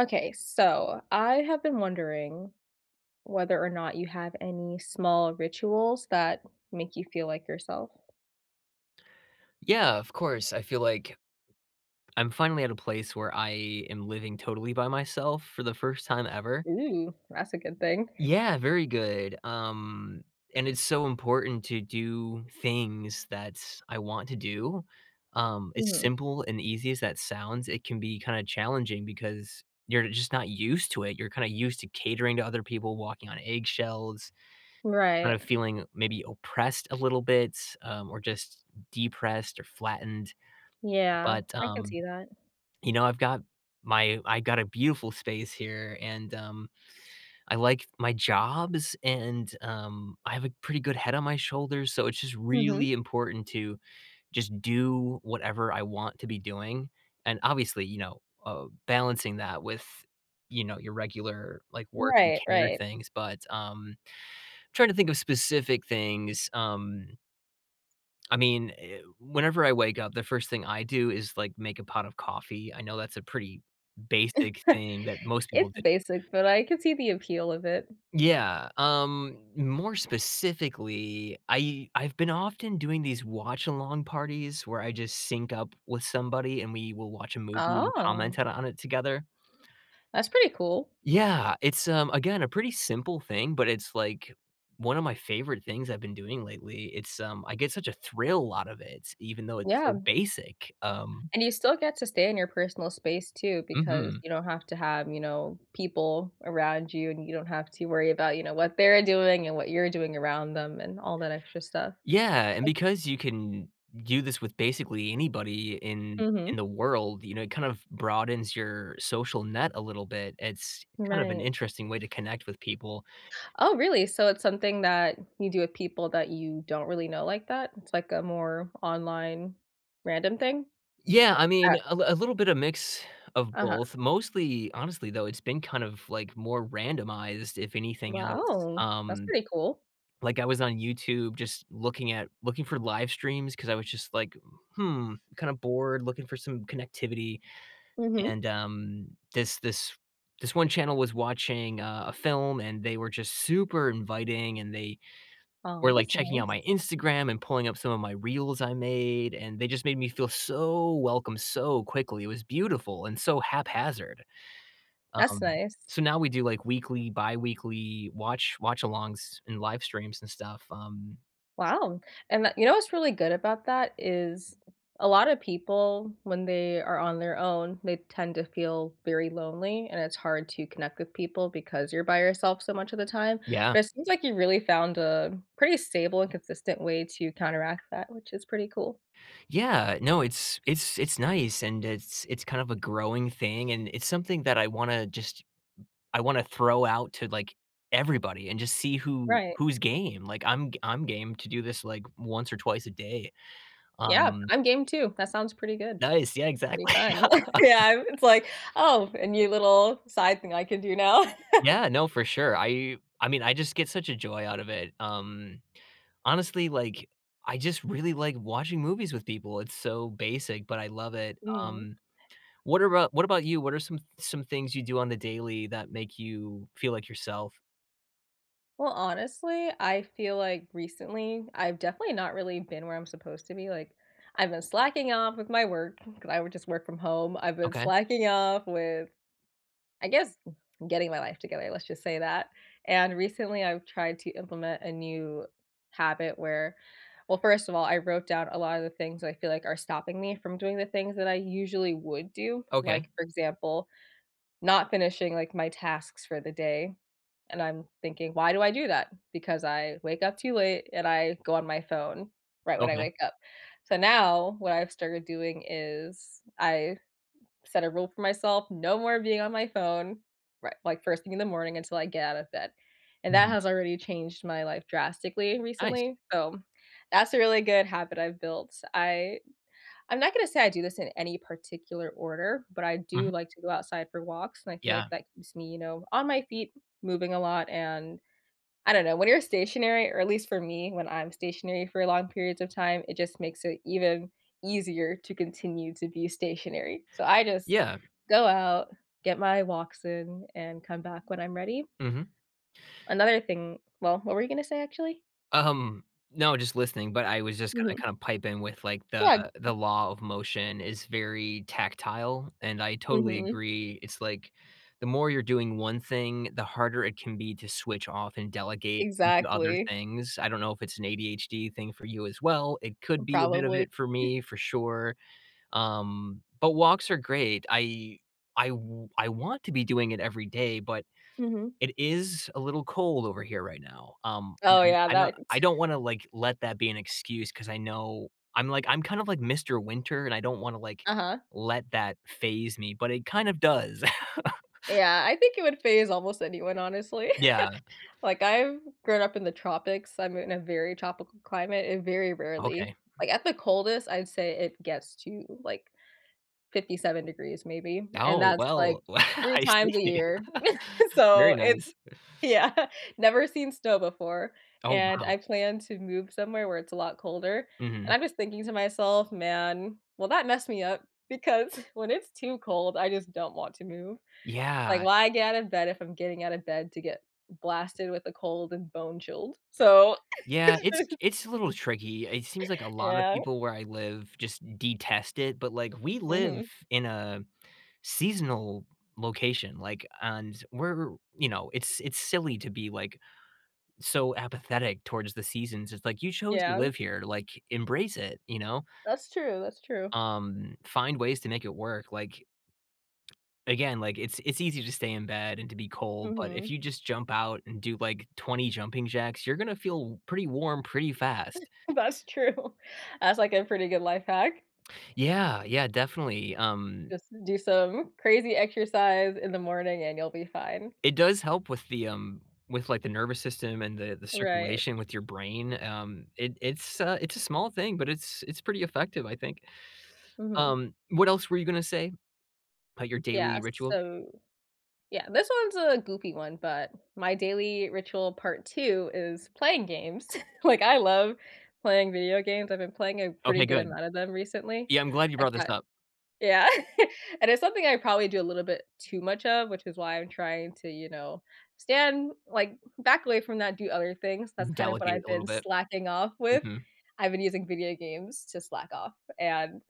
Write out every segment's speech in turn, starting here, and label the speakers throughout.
Speaker 1: Okay, so I have been wondering whether or not you have any small rituals that make you feel like yourself.
Speaker 2: Yeah, of course. I feel like I'm finally at a place where I am living totally by myself for the first time ever.
Speaker 1: Ooh, that's a good thing.
Speaker 2: Yeah, very good, um, and it's so important to do things; that's I want to do. Um, as
Speaker 1: Mhm.
Speaker 2: simple and easy as that sounds, it can be kinda challenging because you're just not used to it. You're kinda used to catering to other people, walking on eggshells, kind
Speaker 1: Right.
Speaker 2: of feeling maybe oppressed a little bit, um, or just depressed or flattened,
Speaker 1: Yeah.
Speaker 2: but,
Speaker 1: I can
Speaker 2: um,
Speaker 1: see that.
Speaker 2: you know, I've got my I got a beautiful space here, and, um, I like my jobs, and, um, I have a pretty good head on my shoulders, so it's just
Speaker 1: Mhm.
Speaker 2: really important to just do whatever I want to be doing, and, obviously, you know, uh, balancing that with, you know, your regular, like, work and
Speaker 1: Right,
Speaker 2: care
Speaker 1: right.
Speaker 2: things, but, um, trying to think of specific things, um I mean, eh, whenever I wake up, the first thing I do is, like, make a pot of coffee. I know that's a pretty basic thing that most people
Speaker 1: It's
Speaker 2: do
Speaker 1: basic, but I could see the appeal of it.
Speaker 2: Yeah, um, more specifically, I I've been often doing these watch-along parties where I just sync up with somebody, and we will watch a movie and comment
Speaker 1: Oh.
Speaker 2: it on it together.
Speaker 1: That's pretty cool.
Speaker 2: Yeah, it's, um, again, a pretty simple thing, but it's like, one of my favorite things I've been doing lately. It's, um, I get such a thrill out of it even though it's
Speaker 1: Yeah.
Speaker 2: so basic, um
Speaker 1: And you still get to stay in your personal space too because
Speaker 2: Mhm.
Speaker 1: you don't have to have, you know, people around you, and you don't have to worry about, you know, what they're doing and what you're doing around them and all that extra stuff,
Speaker 2: Yeah, and
Speaker 1: like
Speaker 2: because you can do this with basically anybody in in
Speaker 1: Mhm.
Speaker 2: the world, you know, it kind of broadens your social net a little bit; it's kind of an
Speaker 1: Right.
Speaker 2: interesting way to connect with people.
Speaker 1: Oh, really? So, it's something that you do with people that you don't really know like that? It's like a more online random thing?
Speaker 2: Yeah, I mean,
Speaker 1: Uh
Speaker 2: a l a little bit of mix of
Speaker 1: Uh-huh.
Speaker 2: both. Mostly honestly, though, it's been kind of, like, more randomized if anything else,
Speaker 1: Wow, that's
Speaker 2: um.
Speaker 1: pretty cool.
Speaker 2: Like, I was on YouTube just looking at looking for livestreams 'cause I was just, like, "Hmm." Kinda bored, looking for some connectivity,
Speaker 1: Mhm.
Speaker 2: and, um, this this this one channel was watching a a film, and they were just super inviting, and they
Speaker 1: Oh,
Speaker 2: were, like,
Speaker 1: that's
Speaker 2: checking out my
Speaker 1: nice.
Speaker 2: Instagram and pulling up some of my reels I made, and they just made me feel so welcome so quickly; it was beautiful and so haphazard.
Speaker 1: That's
Speaker 2: Um,
Speaker 1: nice.
Speaker 2: so now we do, like, weekly, biweekly watch watch-alongs and livestreams and stuff, um.
Speaker 1: Wow. And that you know what's really good about that is a lot of people, when they are on their own, they tend to feel very lonely, and it's hard to connect with people because you're by yourself so much of the time,
Speaker 2: Yeah.
Speaker 1: but it seems like you really found a pretty stable and consistent way to counteract that, which is pretty cool.
Speaker 2: Yeah, uh, no, it's it's it's nice, and it's it's kind of a growing thing, and it's something that I wanna just I wanna throw out to, like, everybody and just see who
Speaker 1: Right.
Speaker 2: who's game. Like, I'm g I'm game to do this, like, once or twice a day,
Speaker 1: Yeah,
Speaker 2: um
Speaker 1: I'm game too. That sounds pretty good.
Speaker 2: Nice. Yeah,
Speaker 1: Pretty
Speaker 2: exactly.
Speaker 1: fun. Yeah. It's like, "Oh, a new little side thing I could do now."
Speaker 2: Yeah, no, for sure. I I mean, I just get such a joy out of it, um, honestly, like, I just really like watching movies with people. It's so basic, but I love it,
Speaker 1: Mhm.
Speaker 2: um, what are about what about you? What are some th some things you do on the daily that make you feel like yourself?
Speaker 1: Well, honestly, I feel like recently, I've definitely not really been where I'm supposed to be. Like, I've been slacking off with my work 'cause I would just work from home. I've been
Speaker 2: Okay.
Speaker 1: slacking off with, I guess, g getting my life together. Let's just say that, and recently, I've tried to implement a new habit where well, first of all, I wrote down a lot of the things that I feel like are stopping me from doing the things that I usually would do.
Speaker 2: Okay.
Speaker 1: Like, for example, not finishing, like, my tasks for the day, and I'm thinking, "Why do I do that? Because I wake up too late, and I go on my phone right when I
Speaker 2: Okay.
Speaker 1: wake up." So now what I've started doing is I set a rule for myself. No more being on my phone, ri like, first thing in the morning until I get out of bed and that
Speaker 2: Mhm.
Speaker 1: has already changed my life drastically
Speaker 2: Nice.
Speaker 1: recently. So, that's a really good habit I've built. I I'm not gonna say I do this in any particular order, but I do
Speaker 2: Mhm.
Speaker 1: like to go outside for walks, and I feel like
Speaker 2: Yeah.
Speaker 1: that keeps me, you know, on my feet moving a lot, and I don't know. When you're stationary, or at least for me, when I'm stationary for long periods of time, it just makes it even easier to continue to be stationary, so I just
Speaker 2: Yeah.
Speaker 1: go out, get my walks in, and come back when I'm ready.
Speaker 2: Mhm.
Speaker 1: Another thing well, what were you gonna say, actually?
Speaker 2: Um, no, just listening, but I was just gonna
Speaker 1: Mhm.
Speaker 2: kinda pipe in with, like, the
Speaker 1: Yeah.
Speaker 2: the law of motion is very tactile, and I totally
Speaker 1: Mhm.
Speaker 2: agree. It's like the more you're doing 1 thing, the harder it can be to switch off and delegate the other
Speaker 1: Exactly.
Speaker 2: things. I don't know if it's an ADHD thing for you, as well; it
Speaker 1: M
Speaker 2: could be a bit of
Speaker 1: probably.
Speaker 2: it for me, for sure. Um, but walks are great. I I w I want to be doing it every day, but
Speaker 1: Mhm.
Speaker 2: it is a little cold over here right now, um
Speaker 1: Oh, yeah.
Speaker 2: and, uh,
Speaker 1: That
Speaker 2: I don't wanna, like, let that be an excuse 'cause I know I'm, like, I'm kind of like Mr. Winter, and I don't wanna, like,
Speaker 1: Uh-huh.
Speaker 2: let that phase me, but it kind of does.
Speaker 1: Yeah. I think it would phase almost anyone, honestly.
Speaker 2: Yeah.
Speaker 1: Like, I've grown up in the tropics, I'm in a very tropical climate and very
Speaker 2: Okay.
Speaker 1: rarely
Speaker 2: Mhm.
Speaker 1: like, at the coldest, I'd say it gets to, like, 57 degrees maybe, and
Speaker 2: Oh,
Speaker 1: that's, like,
Speaker 2: well,
Speaker 1: 3
Speaker 2: I
Speaker 1: times a
Speaker 2: see.
Speaker 1: year.
Speaker 2: Very
Speaker 1: So, it's
Speaker 2: nice.
Speaker 1: Yeah. Never seen snow before,
Speaker 2: Oh,
Speaker 1: and
Speaker 2: wow.
Speaker 1: I plan to move somewhere where it's a lot colder. And
Speaker 2: Mhm.
Speaker 1: I'm just thinking to myself, "Man, will that mess me up?" Because when it's too cold, I just don't want to move. Like,
Speaker 2: Yeah.
Speaker 1: why get out of bed if I'm getting out of bed to get blasted with a cold and bone chilled? So
Speaker 2: Yeah, it's it's a little tricky. It seems like a lot of
Speaker 1: Yeah.
Speaker 2: people where I live just detest it, but, like, we live
Speaker 1: Mhm.
Speaker 2: in a seasonal location, like, and we're you know, it's it's silly to be, like, so apathetic towards the seasons. It's, like, "You chose to
Speaker 1: Yeah.
Speaker 2: live here, like, embrace it," you know?
Speaker 1: That's true, that's true.
Speaker 2: Um, find ways to make it work, like again, like, it's it's easy to stay in bed and to be cold, but if
Speaker 1: Mhm.
Speaker 2: you just jump out and do, like, 20 jumping jacks, you're gonna feel pretty warm pretty fast.
Speaker 1: That's true. That's, like, a pretty good life hack.
Speaker 2: Yeah, yeah, definitely, um
Speaker 1: Just do some crazy exercise in the morning, and you'll be fine.
Speaker 2: It does help with the, um with, like, the nervous system and the the
Speaker 1: Right.
Speaker 2: circulation with your brain. Um, it it's uh, it's a small thing, but it's it's pretty effective, I think.
Speaker 1: Mhm.
Speaker 2: Um, what else were you gonna say about your
Speaker 1: Yeah,
Speaker 2: daily ritual?
Speaker 1: so Yeah, this one's a goofy one, but my daily ritual part 2 is playing games. Like, I love playing video games; I've been playing a pretty
Speaker 2: Okay,
Speaker 1: good
Speaker 2: good.
Speaker 1: amount of them recently.
Speaker 2: Yeah, I'm glad you
Speaker 1: I
Speaker 2: brought this
Speaker 1: got
Speaker 2: up.
Speaker 1: Yeah. And it's something I probably do a little bit too much of, which is why I'm trying to, you know, stand like, back away from that, do other things. That's kind of what
Speaker 2: Delegate
Speaker 1: I've
Speaker 2: a little
Speaker 1: been
Speaker 2: bit.
Speaker 1: slacking off with.
Speaker 2: Mhm.
Speaker 1: I've been using video games to slack off, and,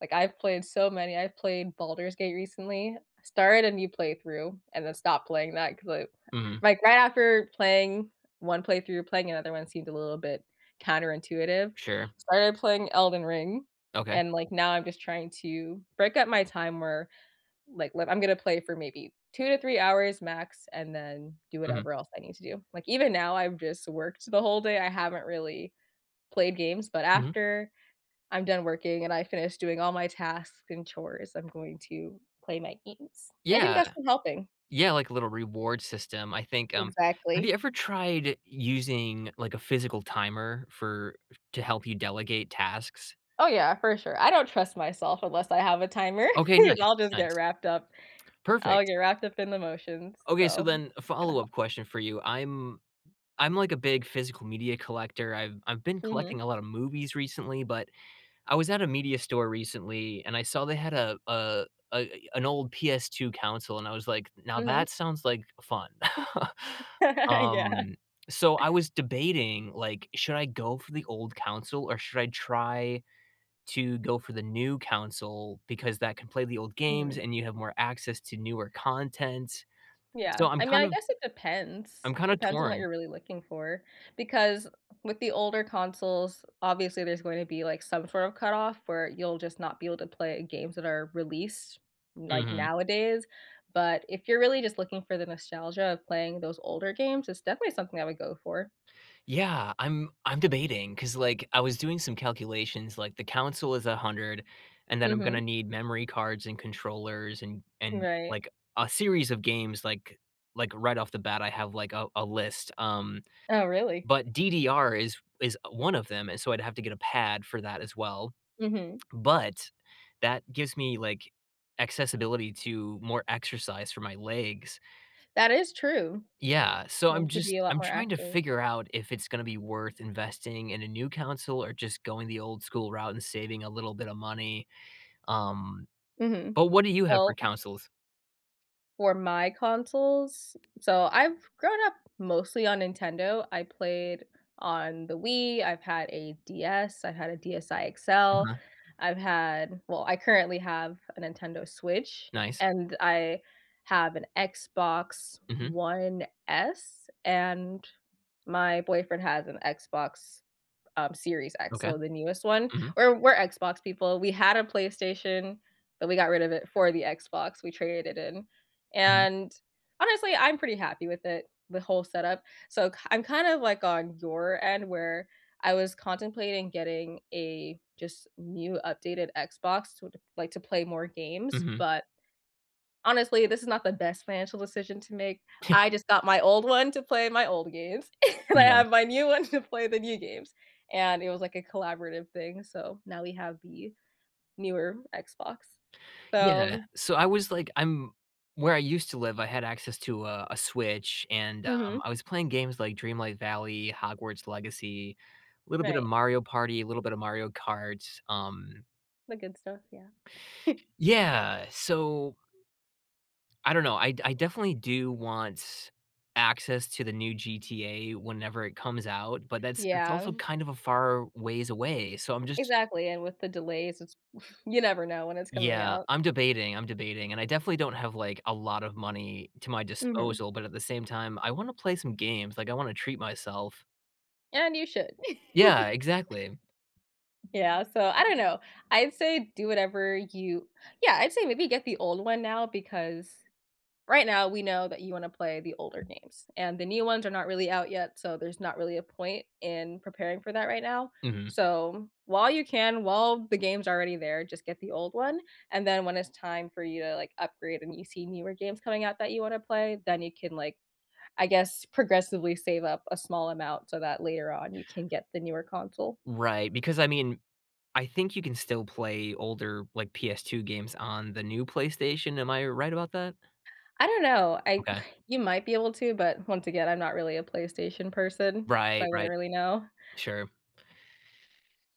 Speaker 1: like, I've played so many. I've played Baldur's Gate recently. Started a new playthrough and then stopped playing that 'cause, I
Speaker 2: Mhm.
Speaker 1: like, right after playing 1 playthrough, playing another one seemed a little bit counterintuitive.
Speaker 2: Sure.
Speaker 1: Started playing Elden Ring,
Speaker 2: Okay.
Speaker 1: and, like, now I'm just trying to break up my time where, like like, I'm gonna play for maybe 2 to 3 hours max and then do
Speaker 2: Mhm.
Speaker 1: whatever else I need to do. Like, even now, I've just worked the whole day. I haven't really played games, but
Speaker 2: Mhm.
Speaker 1: after I'm done working and I finished doing all my tasks and chores, I'm going to play my games. I think
Speaker 2: Yeah.
Speaker 1: that's been helping.
Speaker 2: Yeah, like a little reward system, I think, um have you
Speaker 1: Exactly.
Speaker 2: ever tried using, like, a physical timer for to help you delegate tasks?
Speaker 1: Oh, yeah, for sure. I don't trust myself unless I have a timer
Speaker 2: Okay,
Speaker 1: 'cause
Speaker 2: nice,
Speaker 1: I'll just get
Speaker 2: nice.
Speaker 1: wrapped up. I'll
Speaker 2: Perfect.
Speaker 1: get wrapped up in the motions.
Speaker 2: Okay, so
Speaker 1: So,
Speaker 2: then a
Speaker 1: it's gonna hel
Speaker 2: follow-up question for you, I'm I'm like a big physical media collector. I've I've been
Speaker 1: Mhm.
Speaker 2: collecting a lot of movies recently, but I was at a media store recently, and I saw they had a a a an old PS2 console and I was like, "Now,
Speaker 1: Mhm.
Speaker 2: that sounds like fun."
Speaker 1: Yeah.
Speaker 2: Um, so I was debating, like, should I go for the old console or should I try to go for the new console because that can play the old games
Speaker 1: Mhm.
Speaker 2: and you have more access to newer content?
Speaker 1: Yeah.
Speaker 2: So, I'm
Speaker 1: I mean,
Speaker 2: kind
Speaker 1: I
Speaker 2: of
Speaker 1: guess it depends.
Speaker 2: I'm kinda
Speaker 1: Depends on what
Speaker 2: torn.
Speaker 1: you're really looking for because with the older consoles, obviously, there's going to be, like, some sort of cutoff where you'll just not be able to play games that are released, like,
Speaker 2: Mhm.
Speaker 1: nowadays, but if you're really just looking for the nostalgia of playing those older games, it's definitely something I would go for.
Speaker 2: Yeah, I'm I'm debating 'cause, like, I was doing some calculations, like, the console is 100 and then I'm gonna
Speaker 1: Mhm.
Speaker 2: need memory cards and controllers and and,
Speaker 1: Right.
Speaker 2: like, a series of games, like like, right off the bat, I have, like, a a list, um,
Speaker 1: Oh, really?
Speaker 2: but DDR is is 1 of them, and so I'd have to get a pad for that as well,
Speaker 1: Mhm.
Speaker 2: but that gives me, like, accessibility to more exercise for my legs.
Speaker 1: That is true.
Speaker 2: Yeah. So,
Speaker 1: That
Speaker 2: I'm
Speaker 1: can keep
Speaker 2: just
Speaker 1: you a lot
Speaker 2: I'm
Speaker 1: more
Speaker 2: trying to
Speaker 1: active.
Speaker 2: figure out if it's gonna be worth investing in a new console or just going the old school route and saving a little bit of money. Um,
Speaker 1: Mhm.
Speaker 2: but what do you have for
Speaker 1: Well, m
Speaker 2: consoles?
Speaker 1: for my consoles so I've grown up mostly on Nintendo. I played on the Wii, I've had a DS, I've had a DSi XL.
Speaker 2: Mhm.
Speaker 1: I've had well, I currently have a Nintendo Switch,
Speaker 2: Nice.
Speaker 1: and I have an Xbox
Speaker 2: Mhm.
Speaker 1: One S, and my boyfriend has an Xbox, um, Series X,
Speaker 2: Okay.
Speaker 1: so the newest one.
Speaker 2: Mhm.
Speaker 1: We're we're Xbox people. We had a PlayStation, but we got rid of it for the Xbox; we traded it in.
Speaker 2: Mhm.
Speaker 1: And, honestly, I'm pretty happy with it, the whole setup. So k I'm kind of like on your end where I was contemplating getting a just new updated Xbox so to like, to play more games,
Speaker 2: Mhm.
Speaker 1: but, honestly, this is not the best financial decision to make.
Speaker 2: Yeah.
Speaker 1: I just got my old one to play my old games, and I
Speaker 2: Yeah.
Speaker 1: have my new one to play the new games, and it was, like, a collaborative thing, so now we have the newer Xbox,
Speaker 2: Yeah.
Speaker 1: so
Speaker 2: So, I was, like, I'm where I used to live, I had access to a a Switch, and, um,
Speaker 1: Mhm.
Speaker 2: I was playing games like Dreamlight Valley, Hogwarts Legacy, little bit of
Speaker 1: Right.
Speaker 2: Mario Party, little bit of Mario Karts, um
Speaker 1: The good stuff, yeah.
Speaker 2: Yeah. So I don't know. I d I definitely do want access to the new GTA whenever it comes out, but that's that's also
Speaker 1: Yeah.
Speaker 2: kind of a far ways away. So I'm just
Speaker 1: Exactly, and with the delays, it's you never know when it's coming
Speaker 2: Yeah,
Speaker 1: out.
Speaker 2: I'm debating, I'm debating. And I definitely don't have, like, a lot of money to my
Speaker 1: Mhm.
Speaker 2: disposal, but at the same time, I wanna play some games. Like, I wanna treat myself.
Speaker 1: And you should.
Speaker 2: Yeah, exactly.
Speaker 1: Yeah, so I don't know. I'd say do whatever you Yeah, I'd say maybe get the old one now because right now, we know that you wanna play the older games, and the new ones are not really out yet, so there's not really a point in preparing for that right now.
Speaker 2: Mhm.
Speaker 1: So, while you can, while the game's already there, just get the old one; and then when it's time for you to, like, upgrade and you see newer games coming out that you wanna play, then you can, like, I guess, progressively save up a small amount so that later on, you can get the newer console.
Speaker 2: Right, because, I mean, I think you can still play older, like, PS2 games on the new PlayStation- am I right about that?
Speaker 1: I don't know. I
Speaker 2: Okay.
Speaker 1: you might be able to, but once again, I'm not really a PlayStation person, so I
Speaker 2: Right,
Speaker 1: wouldn't
Speaker 2: right.
Speaker 1: really know.
Speaker 2: Sure.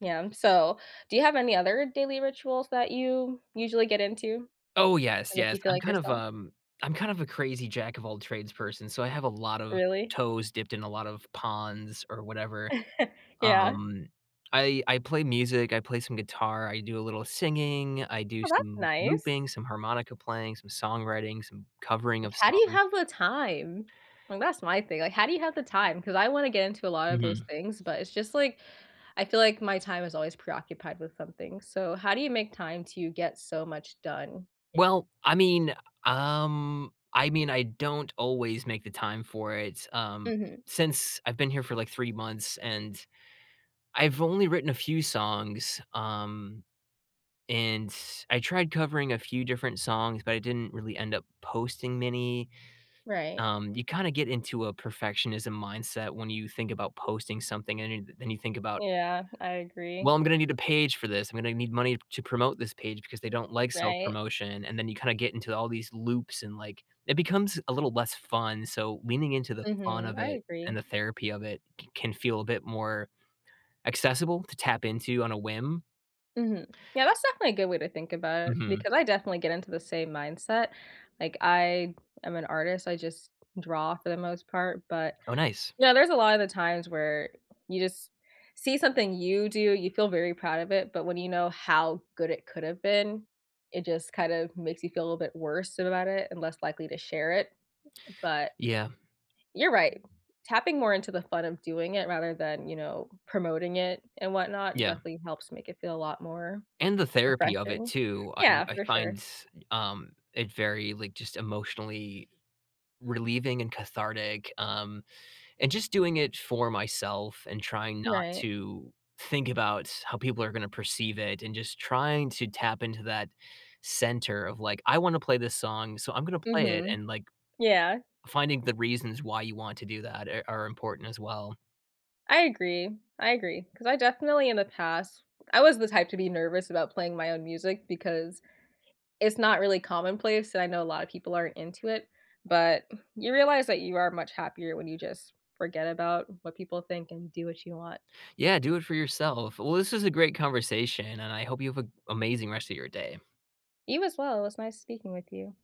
Speaker 1: Yeah, so, do you have any other daily rituals that you usually get into
Speaker 2: Oh, yes,
Speaker 1: that make
Speaker 2: yes.
Speaker 1: you feel
Speaker 2: I'm
Speaker 1: like
Speaker 2: kind of,
Speaker 1: yourself?
Speaker 2: um I'm kind of a crazy jack of all trades person. So, I have a lot of
Speaker 1: Really?
Speaker 2: toes dipped in a lot of ponds or whatever.
Speaker 1: Yeah.
Speaker 2: Um. I I play music. I play some guitar. I do a little singing. I do
Speaker 1: Oh, that's
Speaker 2: some
Speaker 1: nice.
Speaker 2: looping, some harmonica playing, some songwriting, some covering
Speaker 1: Like,
Speaker 2: of
Speaker 1: how do you
Speaker 2: songs.
Speaker 1: have the time? Well, that's my thing. Like, how do you have the time? 'Cause I wanna get into a lot of those
Speaker 2: Mhm.
Speaker 1: things, but it's just, like I feel like my time is always preoccupied with something. So, how do you make time to get so much done?
Speaker 2: Well, I mean, um I mean, I don't always make the time for it, um,
Speaker 1: Mhm.
Speaker 2: since I've been here for, like, 3 months, and I've only written a few songs. Um, and I tried covering a few different songs, but I didn't really end up posting many.
Speaker 1: Right.
Speaker 2: Um, you kinda get into a perfectionism mindset when you think about posting something and you th then you think about
Speaker 1: Yeah. I
Speaker 2: "Well,
Speaker 1: agree.
Speaker 2: I'm gonna need a page for this. I'm gonna need money to promote this page because they don't like
Speaker 1: Right.
Speaker 2: self-promotion." And then you kinda get into all these loops and, like it becomes a little less fun. So, leaning into the fun
Speaker 1: Mhm.
Speaker 2: of
Speaker 1: I
Speaker 2: it and
Speaker 1: agree.
Speaker 2: the therapy of it c can feel a bit more accessible to tap into on a whim.
Speaker 1: Mhm. Yeah, that's definitely a good way to think about it,
Speaker 2: Mhm.
Speaker 1: because I definitely get into the same mindset. Like, I am an artist. I just draw for the most part, but
Speaker 2: Oh, nice.
Speaker 1: Yeah, there's a lotta of the times where you just see something you do, you feel very proud of it, but when you know how good it could've been, it just kind of makes you feel a little bit worse about it and less likely to share it. But
Speaker 2: Yeah.
Speaker 1: you're right. Tapping more into the fun of doing it rather than, you know, promoting it and whatnot,
Speaker 2: Yeah.
Speaker 1: definitely helps make it feel a lot more
Speaker 2: And the therapy of it
Speaker 1: refreshing.
Speaker 2: too. I
Speaker 1: Yeah,
Speaker 2: I
Speaker 1: for sure.
Speaker 2: find, um, it very, like, just emotionally relieving and cathartic, um, and just doing it for myself and trying not
Speaker 1: Right.
Speaker 2: to think about how people are gonna perceive it and just trying to tap into that center of, like, "I wanna play this song, so I'm gonna play it,"
Speaker 1: Mhm.
Speaker 2: and, like,
Speaker 1: Yeah.
Speaker 2: finding the reasons why you want to do that e are important as well.
Speaker 1: I agree. I agree. 'Cause I definitely, in the past I was the type to be nervous about playing my own music, because it's not really commonplace and I know a lotta people aren't into it. But you realize that you are much happier when you just forget about what people think and do what you want.
Speaker 2: Yeah, do it for yourself. Well, this was a great conversation, and I hope you have a amazing rest of your day.
Speaker 1: You as well. It was nice speaking with you.